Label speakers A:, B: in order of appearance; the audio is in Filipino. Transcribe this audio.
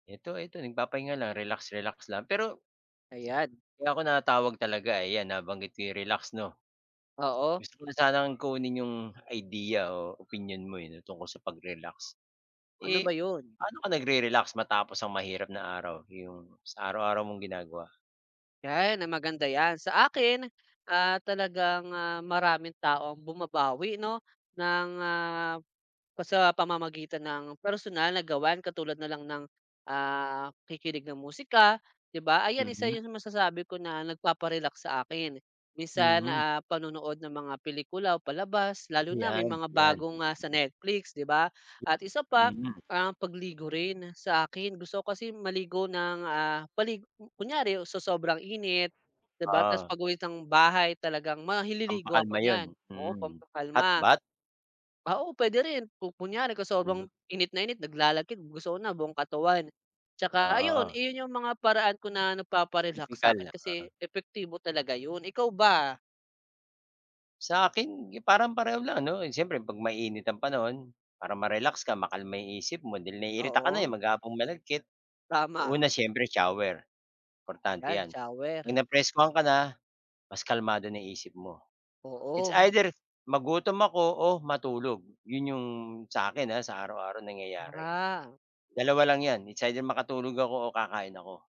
A: Eto, eto nagpapahinga lang, relax-relax lang pero
B: Ayan.
A: kaya ako natawag talaga, ayan nabanggit ko yung relax 'no.
B: Oo.
A: Gusto ko lang sanang kunin yung idea o opinyon mo, eh, 'no, tungkol sa pag-relax.
B: Ano
A: Eh,
B: ba yun?
A: paano ka nag-re-relax matapos ang mahirap na araw, yung sa araw-araw mong ginagawa?
B: Yan, maganda yan. Sa akin, ah, talagang, ah, maraming tao ang bumabawi 'no ng, ah, pa sa pamamagitan ng personal na gawain katulad nalang ng, ah, pakikinig ng musika. 'Di ba, ayan isa
A: Mhm.
B: yung masasabi ko na nagpaparelax sa akin. Minsan,
A: Mhm.
B: ah, panonood ng mga pelikula o palabas lalo na may
A: Yan,
B: mga
A: yan.
B: bago nga sa Netflix 'di ba. At isa pa
A: Mhm.
B: ang pagligo rin, sa akin. Gusto ko kasi maligo ng, ah, mali kunyari sa sobrang init 'di ba tas
A: Ah.
B: pag-uwi ng bahay talagang mahi liligo ako
A: Pampakalma yun,
B: nyan oo
A: mm hot
B: pampakalma.
A: bath?
B: Ah, oo pwede rin, kung kunyari kung sobrang init na init naglalakit gusto ko na buong katawan, tsaka ayun
A: Ah.
B: iyon yung mga paraan ko na nagpapa-relax
A: Tipikal,
B: sakin kasi
A: oo.
B: epektibo talaga yun, ikaw ba?
A: Sa akin parang pareho lang ano, yun siyempre 'pag mainit ang panahon, para ma-relax ka makalma yung isip mo dahil naiirita ka na, eh,
B: Oo.
A: maghapong malagkit.
B: Tama.
A: Una siyempre shower, importante
B: Yan,
A: 'yan. 'Pag
B: shower.
A: napreskuhan ka na, mas kalmado na isip mo. It's
B: Oo.
A: either magutom ako o matulog, 'yon 'yong sa akin, ah, sa araw-araw nangyayari.
B: Ah.
A: Dalawa lang 'yan, it's either makatulog ako o kakain ako.